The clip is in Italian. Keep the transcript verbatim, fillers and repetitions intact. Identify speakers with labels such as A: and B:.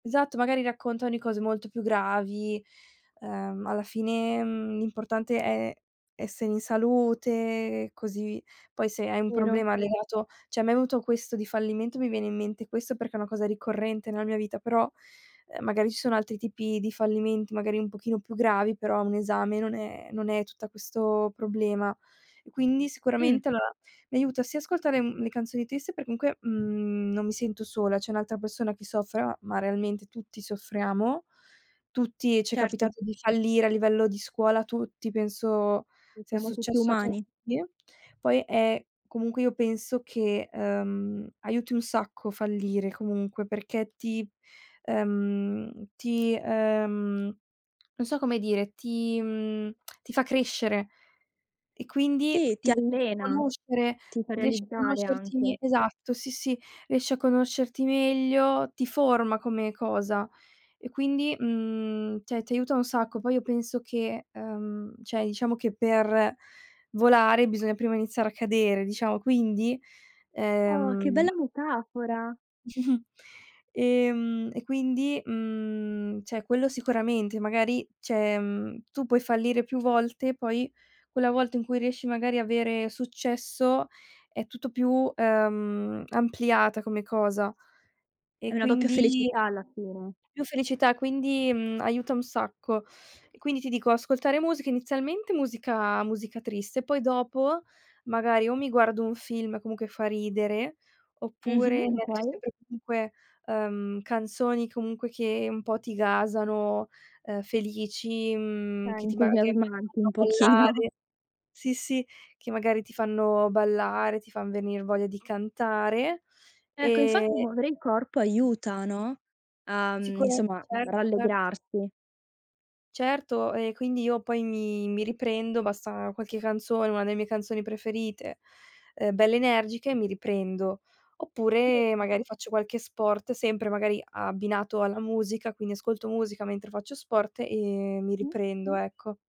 A: Esatto, magari raccontan di cose molto più gravi, ehm, alla fine, mhmm, l'importante è essere in salute così poi se hai un
B: Vero.
A: problema legato ceh, a me è venuto questo di fallimento. Mi viene in mente questo perché è una cosa ricorrente nella mia vita, però, ehm, magari ci sono altri tipi di fallimenti, magari un pochino più gravi, però un esame non è non è tutta questo problema. E quindi
B: Mh.
A: sicuramente allora mi aiuta sia ascoltare mhmm, le canzoni triste perché comunque, mhmm, non mi sento sola, c'è un'altra persona che soffra, ma realmente tutti soffriamo. Tutti ci è
B: Certo.
A: capitato di fallire a livello di scuola, tutti penso
B: Sì,
A: sia
B: siamo tutti
A: successo a
B: umani.
A: tutti. Poi è comunque io penso che, ehm, aiuti un sacco fallire comunque, perché ti ehm ti ehm non so come dire, ti mhmm, ti fa crescere e quindi
B: Sì,
A: ti
B: ti
A: [unintelligible] fa
B: allena,
A: conoscere,
B: ti fa
A: riesci a
B: realizzare anche.
A: conoscerti esatto, sì sì, riesci a conoscerti meglio, ti forma come cosa e quindi mhmm, ti a ti aiuta un sacco. Poi io penso che ehm, ceh, diciamo che per volare bisogna prima iniziare a cadere, diciamo, quindi,
B: Oh, che
A: ehm
B: bella metafora!
A: Ehm e quindi mhmm, ceh, quello sicuramente, magari ceh, mhmm, tu puoi fallire più volte, poi quella volta in cui riesci magari a vere successo è tutto più, ehm, ampliata come cosa e
B: È una doppia
A: quindi
B: felicità alla fine.
A: più felicità, quindi mhmm, aiuta un sacco. E quindi ti dico ascoltare musica, inizialmente musica musica triste, poi dopo magari o mi guardo un film comunque fa ridere oppure
B: Mh-mh.
A: mi metto
B: Okay.
A: sempre comunque, ehm, canzoni comunque che un po' ti gasano, ehm, felici
B: È
A: mhmm, che ti ma [unintelligible]
B: entusiasmante un pochino.
A: ballare sì, sì, che magari ti fanno ballare, ti fan venir voglia di cantare.
B: Ecco, infatti
A: Ehm
B: muovere il corpo aiuta, no? A mhmm,
A: Sicura
B: insomma, mhmm,
A: certo, cert
B: rallegrarsi.
A: Certo e quindi io poi mi mi riprendo, basta qualche canzone, una delle mie canzoni preferite ehm, belle energiche, mi riprendo.
B: Si
A: Oppure
B: vedono.
A: magari faccio qualche sport sempre magari abbinato alla musica, quindi ascolto musica mentre faccio sport e mi
B: Mh.
A: riprendo, ecco.